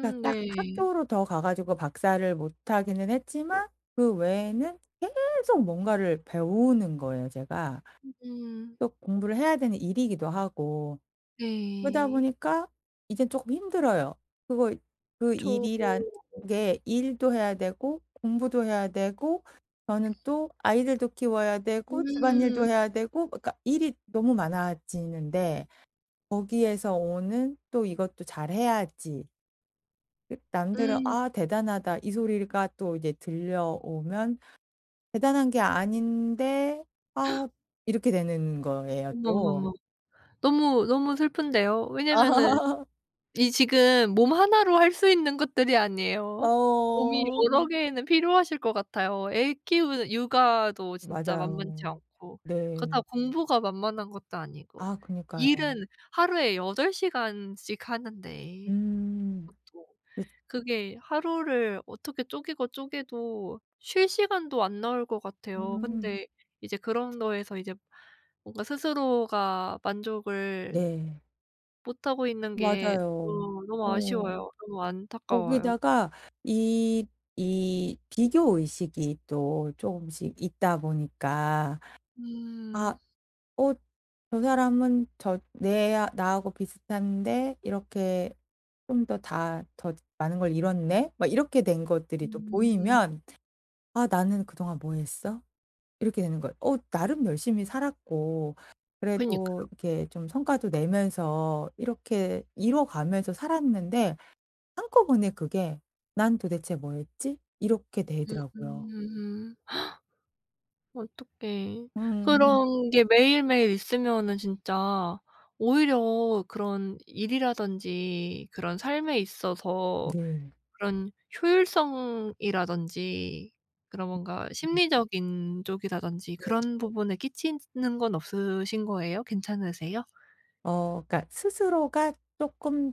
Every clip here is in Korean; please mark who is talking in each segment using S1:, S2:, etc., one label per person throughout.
S1: 그러니까 딱
S2: 네.
S1: 학교로 더 가 가지고 박사를 못 하기는 했지만 그 외에는 계속 뭔가를 배우는 거예요 제가.
S2: 음.
S1: 또 공부를 해야 되는 일이기도 하고. 그러다
S2: 네.
S1: 보니까 이제 조금 힘들어요. 그리고 그
S2: 그쵸.
S1: 일이란 게 일도 해야 되고 공부도 해야 되고 저는 또 아이들도 키워야 되고 집안일도
S2: 음.
S1: 해야 되고 뭐 그러니까 일이 너무 많아지는데 거기에서 오는 또 이것도 잘해야지. 그 남들은
S2: 음.
S1: "아 대단하다." 이 소리가 또 이제 들려오면 '대단한 게 아닌데 아.' 이렇게 되는 거예요
S2: 어머, 어머,
S1: 또.
S2: 어머. 너무, 너무 슬픈데요. 왜냐하면은 이 지금 몸 하나로 할 수 있는 것들이 아니에요. 몸이
S1: 어.
S2: 여러 개는 필요하실 것 같아요. 애 키우는 육아도 진짜
S1: 맞아요.
S2: 만만치 않고
S1: 네.
S2: 그렇다고 공부가 만만한 것도 아니고
S1: 아 그러니까요.
S2: 일은 하루에 8 시간씩 하는데.
S1: 음.
S2: 그쵸.
S1: [unintelligible]
S2: 그게 하루를 어떻게 쪼개고 쪼개도 쉴 시간도 안 나올 것 같아요.
S1: 음.
S2: 근데 이제 그런 거에서 이제 뭔가 스스로가 만족을
S1: 네.
S2: 못하고 있는 게
S1: 맞아요.
S2: 또 너무
S1: 어.
S2: 아쉬워요. 너무 안타까워요.
S1: 거기다가 이 이 비교 의식이 또 쪼금씩 있다 보니까
S2: 음.
S1: 아 '어 저 사람은 저 내 나하고 비슷한데 이렇게 좀 더 다 더 많은 걸 이뤘네?' 막 이렇게 된 것들이 또
S2: 음.
S1: 보이면 '아 나는 그동안 뭐 했어?' 이렇게 되는 거예요. 어 나름 열심히 살았고 그래도
S2: 그러니까요.
S1: 이렇게 좀 성과도 내면서 이렇게 이뤄 가면서 살았는데 한꺼번에 그게 '난 도대체 뭐 했지?' 이렇게 되더라고요.
S2: 음. 어떡해.
S1: 음.
S2: 그런 게 매일매일 있으면은 진짜 오히려 그런 일이라든지 그런 삶에 있어서
S1: 네.
S2: 그런 효율성이라든지 그런 뭔가 심리적인 쪽이다런지
S1: 네.
S2: 그런 부분에 끼치는 건 없으신 거예요? 괜찮으세요?
S1: 어. 그러니까 스스로가 쪼끔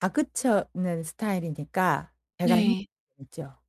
S1: 다그치는 스타일이니까 제가 힘이
S2: 네.
S1: 들죠.